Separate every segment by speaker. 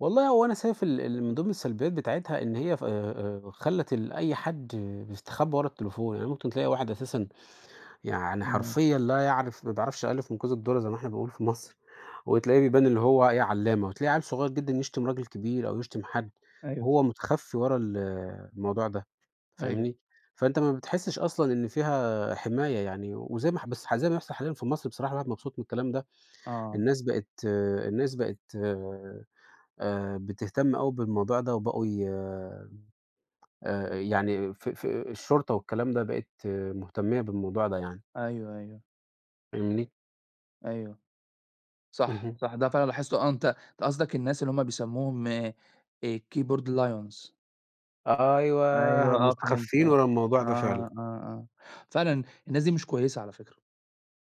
Speaker 1: والله هو أنا شايف ال اللي من ضمن السلبيات بتاعتها إن هي ف آآ آآ خلّت ال أي حد بيستخبّى ورا التليفون، يعني ممكن تلاقي واحد أساسًا يعني
Speaker 2: إمم.
Speaker 1: حرفيًا لا يعرف ما بيعرفش الألِف من كوز الدرة زي ما إحنا بنقول في مصر، وتلاقيه بيبان إن هو إيه عَلّامة. وتلاقي عَيّل صغير جدًا يشتم راجل كبير أو يشتم حد
Speaker 2: أيوه ص
Speaker 1: وهو مُتخفّي ورا ال الموضوع ده،
Speaker 2: أيوه.
Speaker 1: فاهمني؟ فأنت ما بتحسّش أصلًا إن فيها آآ حماية يعني وزي ما اح بس زي ما بيحصل حاليًا في مصر بصراحة الواحد مبسوط من الكلام ده.
Speaker 2: آه.
Speaker 1: الناس بقيت الناس بقت آآ بتهتم أوي بالموضوع ده وبقوا ي آآ يعني ف في الشرطة والكلام ده بقِت مهتميّة بالموضوع ده يعني.
Speaker 2: أيوه، أيوه.
Speaker 1: فاهمني؟
Speaker 2: أيوه. صح،
Speaker 1: اهم.
Speaker 2: صح، ده فعلًا لاحظته، آه، أنت أنت قصدك الناس اللي هم بيسموهم آآ Keyboard Lions.
Speaker 1: آه،
Speaker 2: أيوه،
Speaker 1: أيوه
Speaker 2: آه، فهمت،
Speaker 1: مُستخفّين
Speaker 2: آه.
Speaker 1: ورا الموضوع ده فعلًا.
Speaker 2: آه، آه، آه. فعلًا الناس دي مش كويسة على فكرة.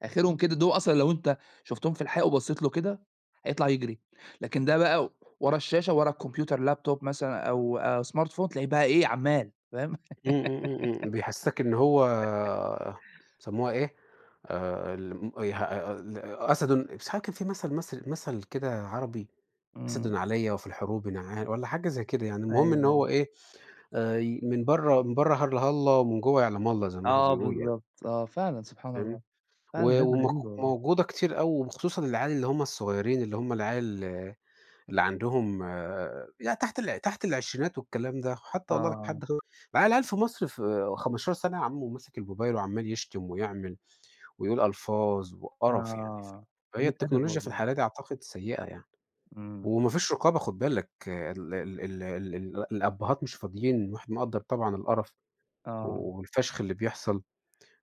Speaker 2: آخرهم كده دُول أصلًا لو أنت شُفتهم في الحقيقة وبصّيت له كده، هيطلع يجري. لكن ده بقى ورا الشاشة، وورا الكمبيوتر، الLaptop مثلًا أو آآ Smartphone، تلاقيه بقى إيه، عَمّال، فاهم؟
Speaker 1: إمم، إمم، إمم، إمم. بيحسِّسك إن هو بيسموها إيه؟ آآ الم اي ها أ ال أسَد، مش عارف كان فيه مَثَل مصر مَثَل كده عربي،
Speaker 2: إمم.
Speaker 1: أسَد عليّا وفي الحروب نعا والّا حاجة زي كده يعني.
Speaker 2: أيوه،
Speaker 1: المهم إن
Speaker 2: أيوه.
Speaker 1: هو إيه، آآ ي من برّه من برّه هلّه، هلّه ومن جوّه يعلَم الله، زي ما هم
Speaker 2: آه،
Speaker 1: بيقولوا يعني.
Speaker 2: بالضبط، آه، فعلًا، سبحان الله.
Speaker 1: فاهمني؟
Speaker 2: فعلًا
Speaker 1: و
Speaker 2: ناس
Speaker 1: ومق
Speaker 2: غريبة والله.
Speaker 1: موجودة كتير أوي وخصوصًا العيال اللي هم الصغيرين اللي هم العيال اللي عندهم يعني تحت الع تحت العشرينات والكلام ده. خ
Speaker 2: آه،
Speaker 1: حتّى والله
Speaker 2: آه.
Speaker 1: لحد خ بقي العيال في مصر في 15 سَنة يا عَم وماسِك الموبايل وعَمّال يشتم ويعمل ويقول ألفاظ
Speaker 2: آه، آه،
Speaker 1: وقَرَف يعني. ف
Speaker 2: آه،
Speaker 1: فهي
Speaker 2: قِلِّة أدب
Speaker 1: التكنولوجيا في
Speaker 2: والله.
Speaker 1: الحالة دي أعتقد سيئة يعني.
Speaker 2: إمم.
Speaker 1: وما فيش رقابة خُد بالك، ال ال ال ال الأبّهات مش فاضيين وإحنا نقدَّر طبعًا القَرَف
Speaker 2: آه.
Speaker 1: و والفَشْخ اللي بيحصل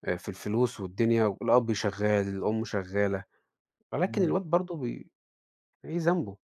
Speaker 1: آآ في الفلوس والدنيا والأب شغّال، الأم شغّالة، ولكن
Speaker 2: إمم.
Speaker 1: الواد برضه بي إيه ذنبه؟